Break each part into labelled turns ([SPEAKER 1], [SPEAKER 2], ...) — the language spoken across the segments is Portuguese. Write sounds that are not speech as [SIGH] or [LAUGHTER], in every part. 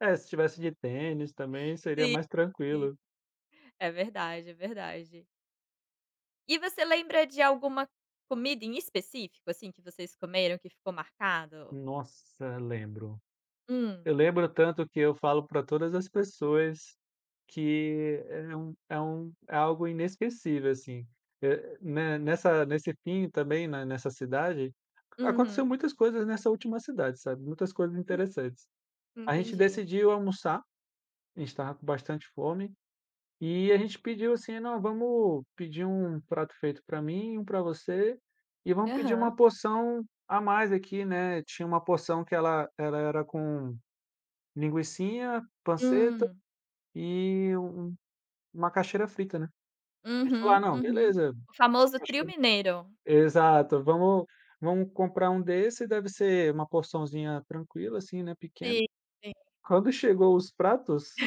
[SPEAKER 1] É, se tivesse de tênis também seria
[SPEAKER 2] Sim,
[SPEAKER 1] mais
[SPEAKER 2] sim.
[SPEAKER 1] tranquilo.
[SPEAKER 2] É verdade, é verdade. E você lembra de alguma comida em específico, assim, que vocês comeram que ficou marcado?
[SPEAKER 1] Nossa, lembro.
[SPEAKER 2] Hum.
[SPEAKER 1] Eu lembro tanto que eu falo para todas as pessoas que é um é um é algo inesquecível, assim. Eh, ne nessa nesse Pinho também, nessa cidade, aconteceu
[SPEAKER 2] Uhum.
[SPEAKER 1] muitas coisas nessa última cidade, sabe. Muitas coisas
[SPEAKER 2] Hum.
[SPEAKER 1] interessantes. A gente
[SPEAKER 2] Entendi.
[SPEAKER 1] decidiu almoçar, a gente estava com bastante fome, e a gente pediu assim: “Não, vamos pedir um prato feito para mim, um para você, e vamos pedir
[SPEAKER 2] Aham.
[SPEAKER 1] uma porção a mais aqui, né”. Tinha uma porção que ela era com linguicinha, panceta
[SPEAKER 2] Hum.
[SPEAKER 1] e uma macaxeira frita, né. A gente falou: “Ah
[SPEAKER 2] Uhum,
[SPEAKER 1] não,
[SPEAKER 2] uhum.
[SPEAKER 1] beleza",
[SPEAKER 2] O famoso
[SPEAKER 1] acho
[SPEAKER 2] trio
[SPEAKER 1] que
[SPEAKER 2] mineiro.
[SPEAKER 1] exato, "Vamo vamo comprar um desse, deve ser uma porçãozinha tranquila assim, né, pequena”.
[SPEAKER 2] Sim, sim.
[SPEAKER 1] Quando chegou os pratos,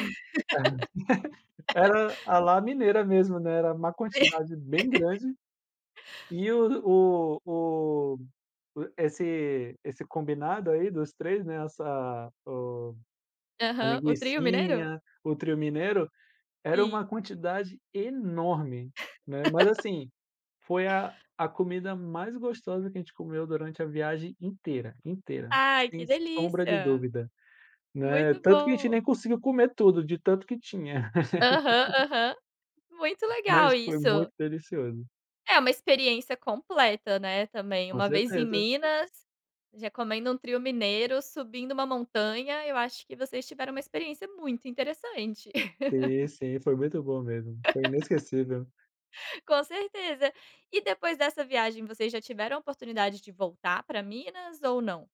[SPEAKER 1] [LAUGHS] era a lá mineira mesmo, né, era uma
[SPEAKER 2] Si
[SPEAKER 1] quantidade bem
[SPEAKER 2] [LAUGHS]
[SPEAKER 1] grande. E o o o esse esse combinado aí dos 3, né, essa o a
[SPEAKER 2] Aham, o trio mineiro?
[SPEAKER 1] linguicinha, o trio mineiro, era uma
[SPEAKER 2] Sim.
[SPEAKER 1] quantidade enorme, né. Mas
[SPEAKER 2] [LAUGHS]
[SPEAKER 1] assim, foi a a comida mais gostosa que a gente comeu durante a viagem inteira, inteira,
[SPEAKER 2] Ai
[SPEAKER 1] sem
[SPEAKER 2] que
[SPEAKER 1] sombra de
[SPEAKER 2] delícia.
[SPEAKER 1] dúvida, né.
[SPEAKER 2] Muito
[SPEAKER 1] Tanto que a gente
[SPEAKER 2] bom.
[SPEAKER 1] nem conseguiu comer tudo, de tanto que tinha.
[SPEAKER 2] Aham,
[SPEAKER 1] [LAUGHS]
[SPEAKER 2] aham muito legal
[SPEAKER 1] Mas foi muito
[SPEAKER 2] isso.
[SPEAKER 1] delicioso.
[SPEAKER 2] É uma experiência completa, né, também.
[SPEAKER 1] Com
[SPEAKER 2] Uma vez em
[SPEAKER 1] certeza.
[SPEAKER 2] Minas, já comendo um trio mineiro, subindo uma montanha, eu acho que vocês tiveram uma experiência muito interessante.
[SPEAKER 1] Sim,
[SPEAKER 2] [LAUGHS]
[SPEAKER 1] sim, foi muito bom mesmo, foi
[SPEAKER 2] [LAUGHS]
[SPEAKER 1] inesquecível.
[SPEAKER 2] Com certeza. E depois dessa viagem vocês já tiveram a oportunidade de voltar pra Minas ou não?